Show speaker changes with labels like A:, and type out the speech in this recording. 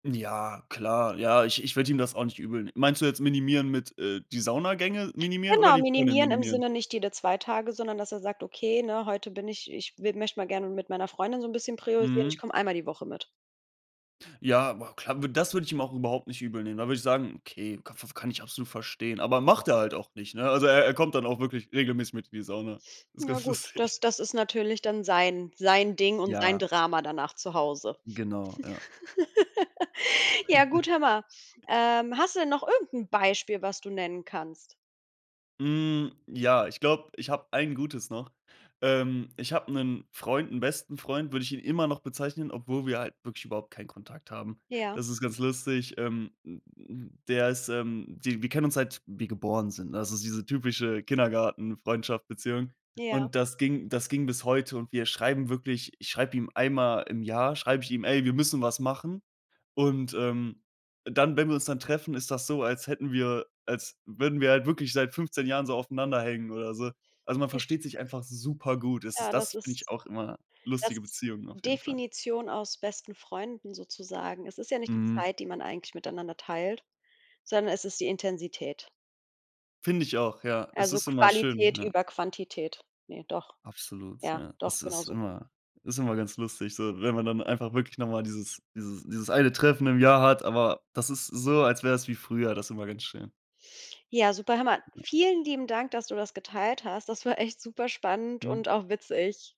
A: Ja, klar. Ja, ich ich würde ihm das auch nicht übel neh meinst du jetzt minimieren mit, äh, die Saunagänge minimieren oder
B: Genau,
A: die Freundin
B: minimieren im
A: minimieren?
B: Sinne, nicht jede 2 Tage, sondern dass er sagt: „Okay, ne, heute bin ich ich wi möchte mal gerne mit meiner Freundin so 'n bisschen priorisieren. Ich
A: Mhm.
B: komme einmal die Woche mit.“
A: Ja, wa klar, wü das würde ich ihm auch überhaupt nicht übel nehmen. Da würde ich sagen, okay, ka faf kann ich absolut verstehen. Aber macht er halt auch nicht, ne? Also, er er kommt dann auch wirklich regelmäßig mit in die Sauna. Ist
B: Ja
A: ganz
B: gut, das
A: lustig.
B: das ist natürlich dann sein sein Ding und sein
A: Ja.
B: Drama danach zu Hause.
A: Genau, ja.
B: Ja, gut, hör mal: Ähm. Hast du denn noch irgend 'n Beispiel, was du nennen kannst?
A: Hm, ja, ich glaube, ich habe ein Gutes noch. Ähm, ich habe 'nen Freund 'n besten Freund, würde ich ihn immer noch bezeichnen, obwohl wir halt wirklich überhaupt keinen Kontakt haben.
B: Ja.
A: Das ist ganz lustig. Ähm, hm, hm, der ist, ähm, di wir kennen uns seit wir geboren sind, ne? Also, das ist diese typische Kindergartenfreundschaft, Beziehung
B: Ja.
A: und das ging das ging bis heute und wir schreiben wirklich ich schreibe ihm einmal im Jahr schreibe ich ihm: „Ey, wir müssen was machen“ und, ähm, dann wenn wir uns dann treffen, ist das so, als hätten wir als würden wir halt wirklich seit 15 Jahren so aufeinander hängen oder so. Also, man
B: [unintelligible]
A: versteht sich einfach supergut. Es ist
B: Ja, das
A: das, finde ich,
B: ist
A: auch immer
B: das
A: lustige
B: ist
A: Beziehungen auf jeden Fall.
B: Definition aus besten Freunden sozusagen. Es ist ja nicht die
A: Mhm.
B: Zeit, die man eigentlich miteinander teilt, sondern es ist die Intensität.
A: Finde ich auch, ja. Es
B: Also,
A: ist immer schön,
B: Qualität
A: ja.
B: über Quantität. Ne, doch.
A: Absolut,
B: Ja,
A: ja. Es
B: doch,
A: ist
B: genauso.
A: immer ist immer ganz lustig, so, wenn man dann einfach wirklich noch mal dieses dieses dieses 1 Treffen im Jahr hat, aber das ist so, als wäre es wie früher, das ist immer ganz schön.
B: Ja, super, hör mal,
A: Ja.
B: vielen lieben Dank, dass du das geteilt hast. Das war echt superspannend
A: Mhm.
B: und auch witzig.